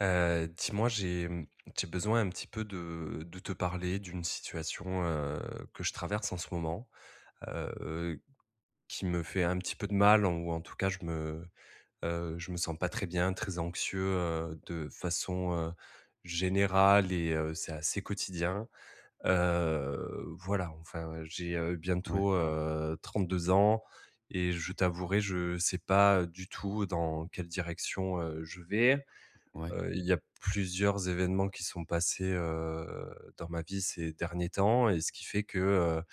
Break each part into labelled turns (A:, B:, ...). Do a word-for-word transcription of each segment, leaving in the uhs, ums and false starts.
A: Heu, dis-moi, j'ai j'ai besoin un petit peu de de te parler d'une situation, heu, que je traverse en ce moment. Heu, heu, qui me fait un petit peu de mal ou en tout cas, je me, heu, je me sens pas très bien, très anxieux, heu, de façon, heu, générale et heu, c'est assez quotidien. Heu, voilà enfin, j'ai
B: Ouais.
A: bientôt, heu, trente-deux ans et je t'avouerai, je sais pas du tout dans quelle direction, heu, je vais.
B: Ouais.
A: Heu, il y a plusieurs événements qui sont passés, heu, dans ma vie ces derniers temps et ce qui fait que, heu,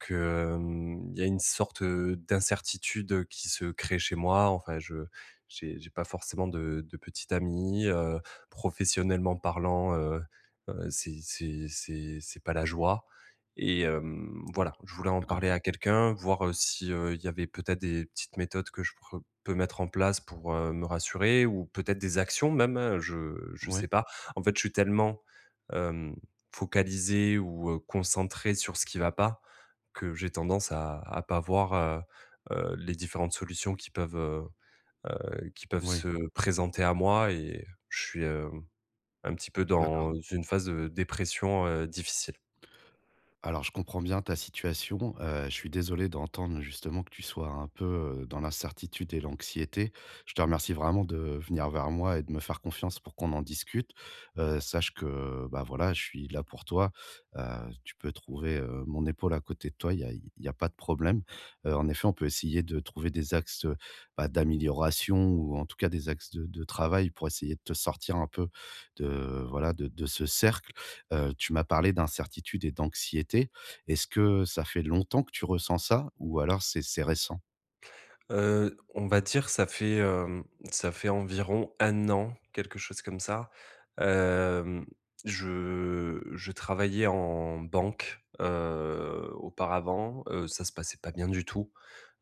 A: que, hem, il y a une sorte d'incertitude, heu, qui se crée chez moi, enfin, je j'ai j'ai pas forcément de de petite amie, heu, professionnellement parlant, heu, heu, c'est c'est c'est c'est pas la joie. Et hem, voilà, je voulais en
B: D'accord.
A: parler à quelqu'un, voir, heu, si, heu, il y avait peut-être des petites méthodes que je pourr peux mettre en place pour, heu, me rassurer ou peut-être des actions même, je je sais
B: Ouais.
A: pas. En fait, je suis tellement, hem, focalisé ou, heu, concentré sur ce qui va pas, que j'ai tendance à à pas voir, heu, heu, les différentes solutions qui peuvent, heu, heu, qui peuvent
B: Ouais.
A: se présenter à moi et je suis un petit peu
B: D'accord.
A: dans une phase de dépression, heu, difficile.
B: Alors, je comprends bien ta situation, heu, je suis désolé d'entendre justement que tu sois un peu, heu, dans l'incertitude et l'anxiété. Je te remercie vraiment de venir vers moi et de me faire confiance pour qu'on en discute, heu, sache que, bah voilà, je suis là pour toi, heu, tu peux trouver, heu, mon épaule à côté de toi, il y a il y a pas de problème. Heu, en effet, on peut essayer de trouver des axes, heu, bah d'amélioration ou, en tout cas, des axes de de travail pour essayer de te sortir un peu de voilà, de de ce cercle. Heu, tu m'as parlé d'incertitude et d'anxiété, est-ce que ça fait longtemps que tu ressens ça ou alors c'est c'est récent?
A: Heu, on va dire ça fait, heu, ça fait environ un an, quelque chose comme ça. Hem, je je travaillais en banque, heu, auparavant, heu, ça se passait pas bien du tout,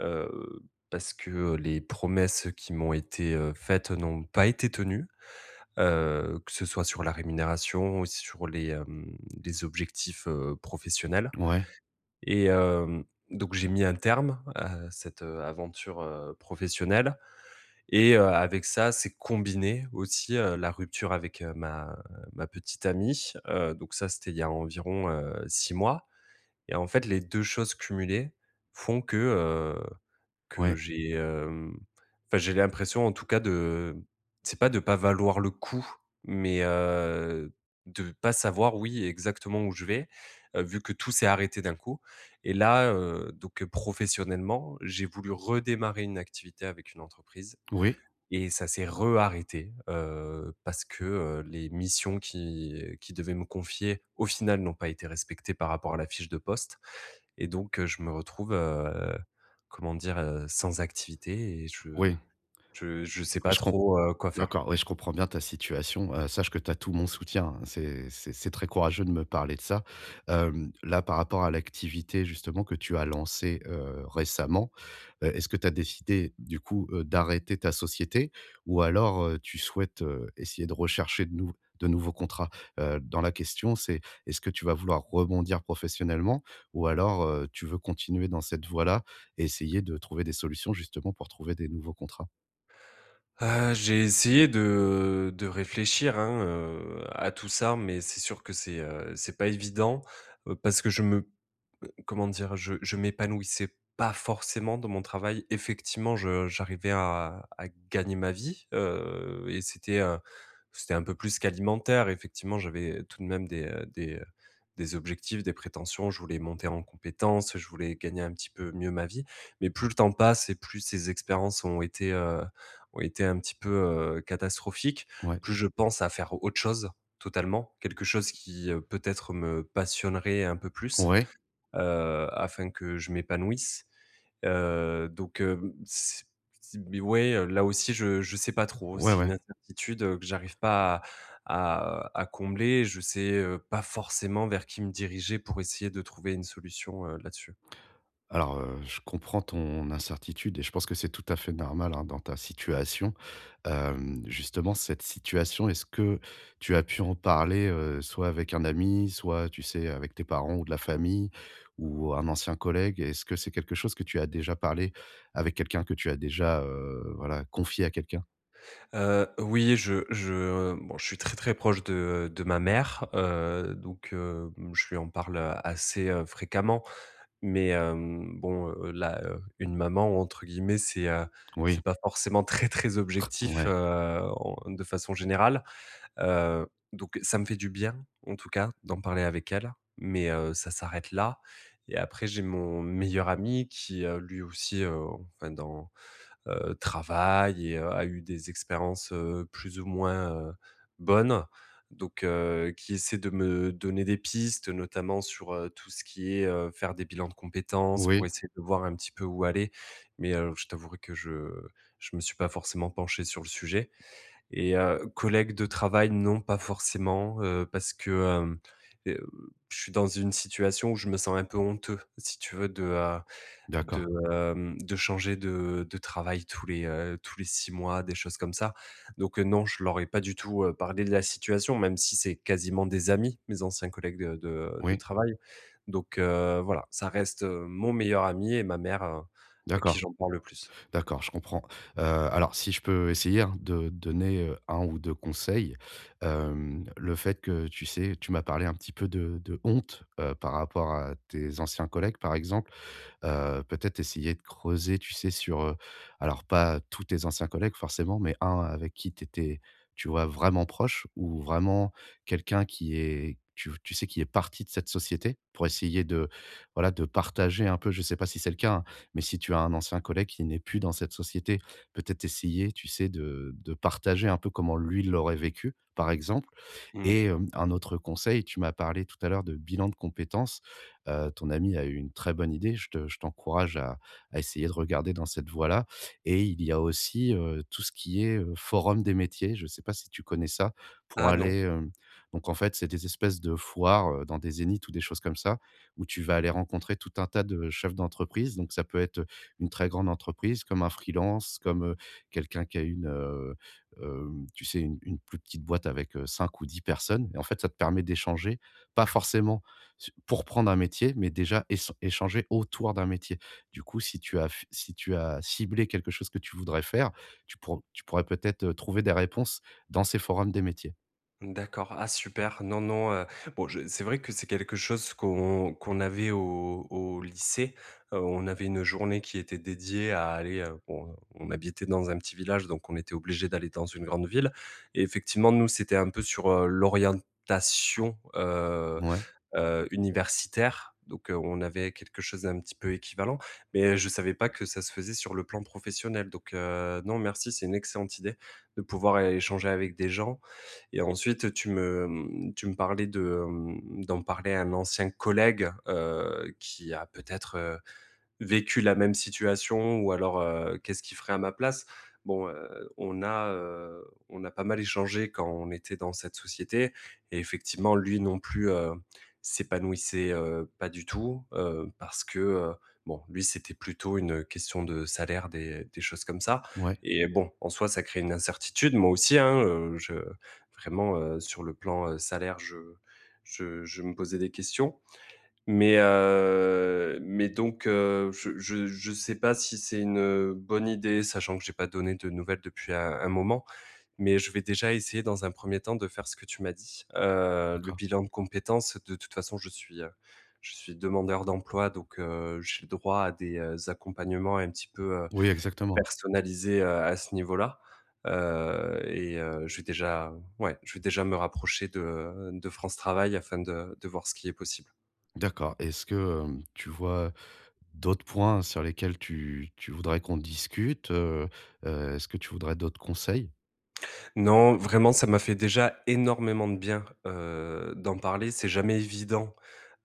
A: heu, parce que les promesses qui m'ont été, heu, faites n'ont pas été tenues, heu, que ce soit sur la rémunération ou aussi sur les, hem, les objectifs, heu, professionnels.
B: Ouais.
A: Et heu, donc, j'ai mis un terme à cette, heu, aventure, heu, professionnelle. Et heu, avec ça, s'est combiné aussi, heu, la rupture avec ma ma petite amie. Heu, donc ça, c'était il y a environ, heu, six mois. Et en fait, les deux choses cumulées font que, heu, que
B: Ouais.
A: j'ai, hem, enfin j'ai l'impression en tout cas de c'est pas de pas valoir le coup, mais, heu, de pas savoir oui, exactement où je vais, heu, vu que tout s'est arrêté d'un coup. Et là, heu, donc, heu, professionnellement, j'ai voulu redémarrer une activité avec une entreprise
B: Oui.
A: et ça s'est re-arrêté, heu, parce que, heu, les missions qu'ils qu'ils devaient me confier au final n'ont pas été respectées par rapport à la fiche de poste et donc, heu, je me retrouve, heu, comment dire? Heu, sans activité et je
B: Oui.
A: je je sais
B: Oui,
A: pas
B: je com
A: trop, heu, quoi faire.
B: d'accord, oui, je comprends bien ta situation, heu, sache que t'as tout mon soutien, hein, c'est c'est c'est très courageux de me parler de ça. Hem, là, par rapport à l'activité justement que tu as lancée, heu, récemment heu, est-ce que tu as décidé, du coup, heu, d'arrêter ta société? Ou alors, heu, tu souhaites, heu, essayer de rechercher de nouv de nouveaux contrats? Heu, dans la question, c'est, est-ce que tu vas vouloir rebondir professionnellement? Ou alors, heu, tu veux continuer dans cette voie-là et essayer de trouver des solutions justement pour trouver des nouveaux contrats?
A: Heu, j'ai essayé de, de réfléchir, hein, heu, à tout ça, mais c'est sûr que c'est, heu, c'est pas évident. Heu, parce que je me heu, comment dire, je je m'épanouissais pas forcément dans mon travail. Effectivement, je j'arrivais à à gagner ma vie, heu, et c'était, heu, c'était un peu plus qu'alimentaire. Effectivement, j'avais tout de même des, heu, des, heu, des objectifs, des prétentions, je voulais monter en compétences, je voulais gagner un petit peu mieux ma vie. Mais plus le temps passe et plus ces expériences ont été, heu, ont été un petit peu, heu, catastrophiques,
B: Ouais.
A: plus je pense à faire autre chose, totalement. Quelque chose qui, heu, peut-être me passionnerait un peu plus,
B: Ouais.
A: heu, afin que je m'épanouisse. Heu, donc, heu, mmh, c c mais, ouais, heu, là aussi, je je sais pas trop,
B: Ouais,
A: c'est une
B: ouais.
A: incertitude que j'arrive pas à à, heu, à combler. Je sais, heu, pas forcément vers qui me diriger pour essayer de trouver une solution, heu, là-dessus.
B: Alors, heu, je comprends ton incertitude et je pense que c'est tout à fait normal, hein, dans ta situation. Hem, justement cette situation, est-ce que tu as pu en parler, heu, soit avec un ami, soit tu sais, avec tes parents ou de la famille ou un ancien collègue? Est-ce que c'est quelque chose que tu as déjà parlé avec quelqu'un que tu as déjà, heu, voilà confié à quelqu'un?
A: Heu, oui, je je, heu bon, je suis très très proche de, heu, de ma mère, heu, donc, heu, bon, je lui en parle assez, heu, fréquemment. Mais, hem, bon, heu, là, heu, une maman, entre guillemets, c'est, heu,
B: Oui
A: c'est pas forcément «très très objectif»,
B: Ouais.
A: heu, on heu, de façon générale. Heu, donc, ça me fait du bien, en tout cas, d'en parler avec elle, mais, heu, ça s'arrête là. Et après, j'ai mon meilleur ami qui, heu, lui aussi, heu, enfin dans heu, travaille et heu, a eu des expériences, heu, plus ou moins, heu, bonnes, donc, heu, qui essaie de me donner des pistes. Notamment sur, heu, tout ce qui est, heu, faire des bilans de compétences pour
B: Oui.
A: essayer de voir un petit peu où aller. Mais, alo je t'avouerai que je je me suis pas forcément penché sur le sujet. Et heu, collègue de travail, non, pas forcément, heu, parce que hem, heu, je suis dans une situation où je me sens un peu honteux, si tu veux, de, heu, de,
B: D'accord.
A: hem, de changer de de travail tous les, heu, tous les six mois, des choses comme ça. Donc, heu, non, je leur ai pas du tout, heu, parlé de la situation, même si c'est quasiment des amis, mes anciens collègues de de de
B: Oui.
A: travail. Donc, heu, voilà, ça reste mon meilleur ami et ma mère à qui
B: D'accord.
A: j'en parle le plus.
B: D'accord, je comprends. Heu, alors si je peux essayer hein, de te donner un ou deux conseils. Hem, le fait que tu sais, tu m'as parlé un petit peu de de honte, heu, par rapport à tes anciens collègues par exemple. Heu, peut-être essayer de creuser, tu sais sur, heu, alors, pas tous tes anciens collègues, forcément, mais un avec qui tu étais, tu vois vraiment proche ou vraiment quelqu'un qui est, tu v tu sais, qui est parti de cette société pour essayer de, voilà, de partager un peu. Je sais pas si c'est le cas, hein, mais si tu as un ancien collègue qui n'est plus dans cette société, peut être essayer, tu sais de de partager un peu comment lui, il l'aurait vécu, par exemple.
A: Mmh.
B: Et hem, un autre conseil, tu m'as parlé tout à l'heure de bilan de compétences. Heu, ton ami a eu une très bonne idée, je te je t'encourage à à essayer de regarder dans cette voie-là et il y a aussi, heu, tout ce qui est, heu, forum des métiers, je sais pas si tu connais ça? Pour
A: Ah non.
B: aller, hem donc en fait, c'est des espèces de foires, heu, dans des Zénith ou des choses comme ça, où tu vas aller rencontrer tout un tas de chefs d'entreprise, donc ça peut être, heu, une très grande entreprise comme un freelance, comme, heu, quelqu'un qui a une, heu, heu, tu sais u une plus petite boîte avec, heu, cinq ou dix personnes. Et en fait ça te permet d'échanger. Pas forcément su pour prendre un métier, mais déjà ess échanger autour d'un métier. Du coup, si tu as f si tu as ciblé quelque chose que tu voudrais faire, tu pourr tu pourrais peut-être, heu, trouver des réponses dans ces forums des métiers.
A: Mmh d'accord, ah super! Non non, heu, bon, je c'est vrai que c'est quelque chose qu'on qu'on avait au au lycée. Heu, on avait une journée qui était dédiée à aller, heu, bon, on habitait dans un petit village, donc on était obligé d'aller dans une grande ville. Et effectivement, nous, c'était un peu sur, heu, l'orientation, heu
B: Mouais.
A: heu, universitaire. Donc, heu, on avait quelque chose un petit peu équivalent. Mais je savais pas que ça se faisait sur le plan professionnel. Donc, heu, non, merci, c'est une excellente idée de pouvoir é échanger avec des gens. Et ensuite, tu me, mmh, tu me parlais de, hem, d'en parler à un ancien collègue, heu, qui a peut-être, heu, vécu la même situation ou alors, heu, qu'est-ce qu'il ferait à ma place? Bon, heu, on a, heu, on a pas mal échangé quand on était dans cette société. Et effectivement, lui non plus, heu, s'épanouissait, heu, pas du tout. Heu, parce que, heu, bon lui c'était plutôt une question de salaire, des des choses comme ça.
B: Ouais.
A: Et bon, en soi, ça crée une incertitude, moi aussi, hein, heu je vraiment, heu, sur le plan, heu, salaire, je je je me posais des questions. Mais, heu, mais donc, heu, je je je sais pas si c'est une, heu, bonne idée, sachant que j'ai pas donné de nouvelles depuis un un moment. Mais je vais déjà essayer dans un premier temps de faire ce que tu m'as dit. Heu, le
B: D'accord.
A: bilan de compétences, de toute façon, je suis, heu, je suis demandeur d'emploi, donc, heu, j'ai droit à des, heu, accompagnements un petit peu, heu,
B: Oui, exactement.
A: personnalisés, heu, à ce niveau-là. Heu et heu, je vais déjà ouais, je vais déjà me rapprocher de de France Travail afin de de voir ce qui est possible.
B: D'accord et est-ce que, hem, tu vois d'autres points sur lesquels tu tu voudrais qu'on discute, heu? Heu, est-ce que tu voudrais d'autres conseils?
A: Non, vraiment, ça m'a fait déjà énormément de bien, heu, d'en parler. C'est jamais évident,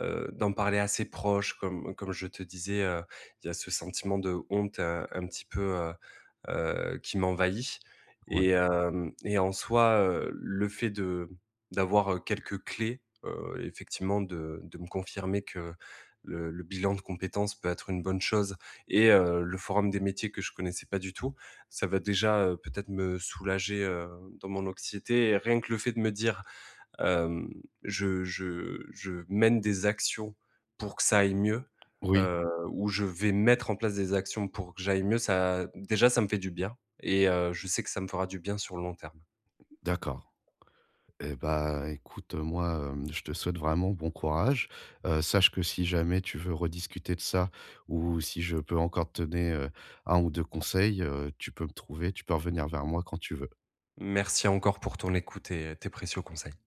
A: heu, d'en parler à ses proches, comme comme je te disais, heu, il y a ce sentiment de honte, heu, un petit peu, heu, heu, qui m'envahit.
B: Ouais.
A: Et heu et en soi, heu, le fait de d'avoir quelques clés, heu, effectivement de de me confirmer que le le bilan de compétences peut être une bonne chose et heu, le forum des métiers que je connaissais pas du tout, ça va déjà, heu, peut-être me soulager heu dans mon anxiété. Et rien que le fait de me dire hem, je je je mène des actions pour que ça aille mieux,
B: Oui.
A: heu ou je vais mettre en place des actions pour que j'aille mieux, ça déjà ça me fait du bien et heu, je sais que ça me fera du bien sur le long terme.
B: D'accord. Et bah écoute heu, moi, heu, je te souhaite vraiment bon courage. Heu, sache que si jamais tu veux rediscuter de ça ou si je peux encore te donner, heu, un ou deux conseils, heu, tu peux me trouver, tu peux revenir vers moi quand tu veux.
A: Merci encore pour ton écoute et tes précieux conseils.